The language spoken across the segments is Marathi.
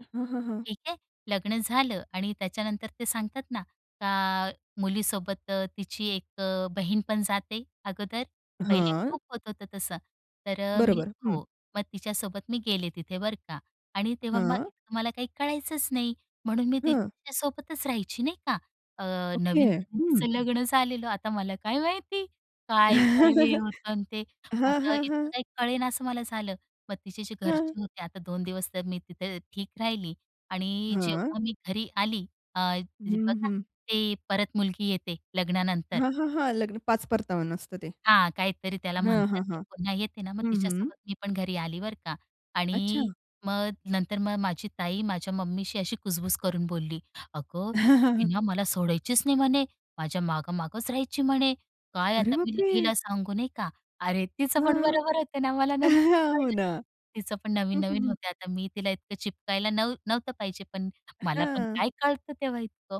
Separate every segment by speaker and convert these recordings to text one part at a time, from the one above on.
Speaker 1: अ, हां, हां, हां.
Speaker 2: ठीक आहे. लग्न झालं आणि त्याच्यानंतर ते सांगतात ना, का मुलीसोबत तिची एक अ, बहीण पण जाते, अगोदर. पहिले
Speaker 1: हां.
Speaker 2: खूप होत होतं तसं. तर अ, मी
Speaker 1: बरोबर. हं.
Speaker 2: हो. मग तिच्यासोबत मी गेले तिथे. बरं का, आणि तेव्हा मग
Speaker 1: हां.
Speaker 2: मला काही कळायचंच नाही. म्हणून मी
Speaker 1: हां.
Speaker 2: तिच्यासोबतच राहायची. नाही का? अ,
Speaker 1: ओके.
Speaker 2: नवीन-नवीन
Speaker 1: हं.
Speaker 2: तिचं लग्न झालेलं. आता मला काय माहिती? काय हे होतं आणि ते.
Speaker 1: हां,
Speaker 2: आता
Speaker 1: हां,
Speaker 2: इतकं
Speaker 1: हां.
Speaker 2: काही कळेनासं मला झालं. मग तिची जी
Speaker 1: हां.
Speaker 2: घरचे होते, आता 2 दिवस तर मी तिथे ठीक राहिली. आणि
Speaker 1: हां.
Speaker 2: जेव्हा मी घरी आली अ,
Speaker 1: हं,
Speaker 2: बघा
Speaker 1: हं.
Speaker 2: ते परत मुलगी येते लग्नानंतर.
Speaker 1: हां, हां, हां. लग्न पाच परतावन असतं ते.
Speaker 2: हां, काहीतरी त्याला
Speaker 1: हां,
Speaker 2: म्हणतात.
Speaker 1: हां,
Speaker 2: ते
Speaker 1: हां.
Speaker 2: पुन्हा येते ना मग
Speaker 1: हं, हं.
Speaker 2: तिच्यासोबत मी पण घरी आली. बरं का.
Speaker 1: अच्छा.
Speaker 2: आणि मग नंतर मग माझी ताई माझ्या मम्मीशी अशी कुजबुज करून बोलली, "अगं हि ना मला सोडायचीच नाही म्हणे. माझ्या मागं मागंच राहायची म्हणे. काय
Speaker 1: अरे
Speaker 2: आता
Speaker 1: बाप
Speaker 2: मी हिला
Speaker 1: रे!
Speaker 2: सांगू नाही का?" अरे तीचं पण
Speaker 1: हं.
Speaker 2: बरोबर होतं ना मला नंतर
Speaker 1: अ, हो
Speaker 2: कळलं.
Speaker 1: ना.
Speaker 2: तिचं पण
Speaker 1: हं, हं,
Speaker 2: नवीन-नवीन
Speaker 1: हं.
Speaker 2: होतं. आता मी तिला इतकं चिपकायला नव्ह नव्हतं पाहिजे पण. मला पण
Speaker 1: हां.
Speaker 2: काय कळतं तेव्हा इतकं.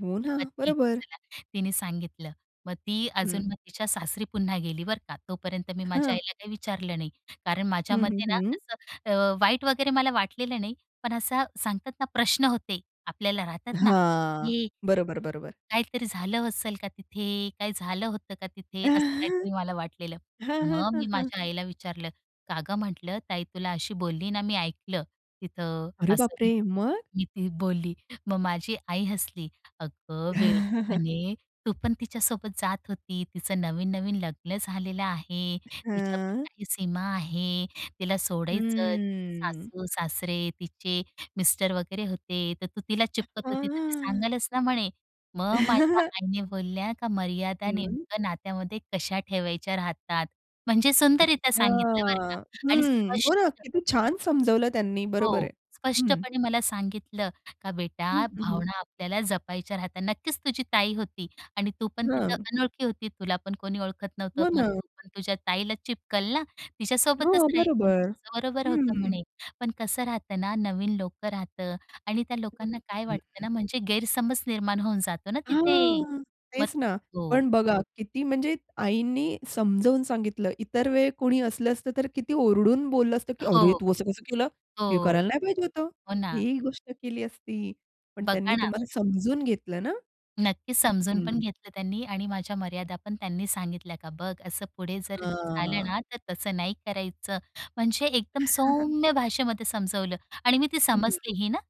Speaker 1: हो ना.
Speaker 2: मग ठीक आहे
Speaker 1: बरोबर.
Speaker 2: चला. तिने सांगितलं. मग ती
Speaker 1: हं.
Speaker 2: अजून मग तिच्या सासरी पुन्हा गेली. बरं का, तोपर्यंत मी माझ्या
Speaker 1: हां.
Speaker 2: आईला काही विचारलं नाही. कारण
Speaker 1: हं, हं,
Speaker 2: माझ्यामध्ये ना
Speaker 1: हं.
Speaker 2: असं अ, वाईट वगैरे मला वाटलेलं नाही. पण असा सांगतात ना प्रश्न होते. आपल्याला राहतात ना,
Speaker 1: हां.
Speaker 2: की
Speaker 1: बरोबर, बरोबर.
Speaker 2: काहीतरी झालं असेल का तिथे? काय झालं होतं का तिथे? असं
Speaker 1: हां,
Speaker 2: काहीतरी मला वाटलेलं.
Speaker 1: हां,
Speaker 2: मग
Speaker 1: हां,
Speaker 2: मी
Speaker 1: हां
Speaker 2: माझ्या आईला विचारलं, "का ग म्हटलं ताई तुला अशी बोलली ना मी ऐकलं, तिथं."
Speaker 1: अरे बाप
Speaker 2: असं
Speaker 1: रे! मग?
Speaker 2: मी ती बोलली. मग माझी आई हसली. "अगं वेडी म्हणे, तू पण तिच्यासोबत जात होती. तिचं नवीन-नवीन लग्न झालेलं आहे. तिच्या पण
Speaker 1: हां.
Speaker 2: काही सीमा आहे. तिला सोडायचं.
Speaker 1: हं.
Speaker 2: सासू-सासरे तिचे मिस्टर वगैरे होते. तर तू तिला
Speaker 1: अ,
Speaker 2: चिपकत होती. तर ती
Speaker 1: हां.
Speaker 2: सांगेलच ना." म्हणे. मग माझ्या आईने बोलल्या का मर्यादा
Speaker 1: हं.
Speaker 2: नेमकं नात्यामध्ये कशा ठेवायच्या राहतात. म्हणजे सुंदररित्या
Speaker 1: अच्छा.
Speaker 2: सांगितलं. बरं का, आणि
Speaker 1: हं. हो ना.
Speaker 2: स्पष्ट.
Speaker 1: किती छान समजावलं त्यांनी. बरोबर
Speaker 2: हो
Speaker 1: आहे. हं.
Speaker 2: स्पष्टपणे मला सांगितलं का
Speaker 1: हं,
Speaker 2: "बेटा
Speaker 1: हं, हं.
Speaker 2: भावना आपल्याला जपायच्या राहतात. नक्कीच तुझी ताई होती आणि तू पण तिथं
Speaker 1: हां.
Speaker 2: अनोळखी होती. तुला पण कोणी ओळखत नव्हतं.
Speaker 1: हो,
Speaker 2: मग
Speaker 1: ना.
Speaker 2: तू पण तुझ्या ताईला चिपकल ना. तिच्यासोबतच
Speaker 1: हो.
Speaker 2: राहील, म्हणे.
Speaker 1: बरोबर.
Speaker 2: तुझं बरोबर होतं
Speaker 1: हं.
Speaker 2: म्हणे. पण कसं राहतं ना नवीन लोकं राहतं आणि त्या
Speaker 1: हं,
Speaker 2: लोकांना काय वाटतं
Speaker 1: हं.
Speaker 2: ना. म्हणजे गैरसमज निर्माण होऊन जातो ना तिथे."
Speaker 1: हां.
Speaker 2: मग
Speaker 1: तेच ना.
Speaker 2: हो.
Speaker 1: पण बघा किती म्हणजे आईंनी समजावून सांगितलं. इतर वेळी कोणी असलं असतं तर किती ओरडून बोललं असतं, की "अरे
Speaker 2: हो.
Speaker 1: तू असं कसं केलं? हे
Speaker 2: हो.
Speaker 1: करायला नाही पाहिजे होतं."
Speaker 2: हो, ना.
Speaker 1: ही गोष्ट केली असती. पण त्यांनी
Speaker 2: बघा ना.
Speaker 1: तुम्हाला समजून घेतलं ना.
Speaker 2: नक्कीच
Speaker 1: हं,
Speaker 2: समजून पण
Speaker 1: हं.
Speaker 2: घेतलं त्यांनी. आणि माझ्या मर्यादा पण त्यांनी सांगितल्या. का "बघ असं पुढे जर झालं
Speaker 1: हां.
Speaker 2: ना तर तसं नाही करायचं." म्हणजे एकदम सौम्य भाषेमध्ये समजवलं आणि मी ती
Speaker 1: हं, हं.
Speaker 2: समजली ही ना.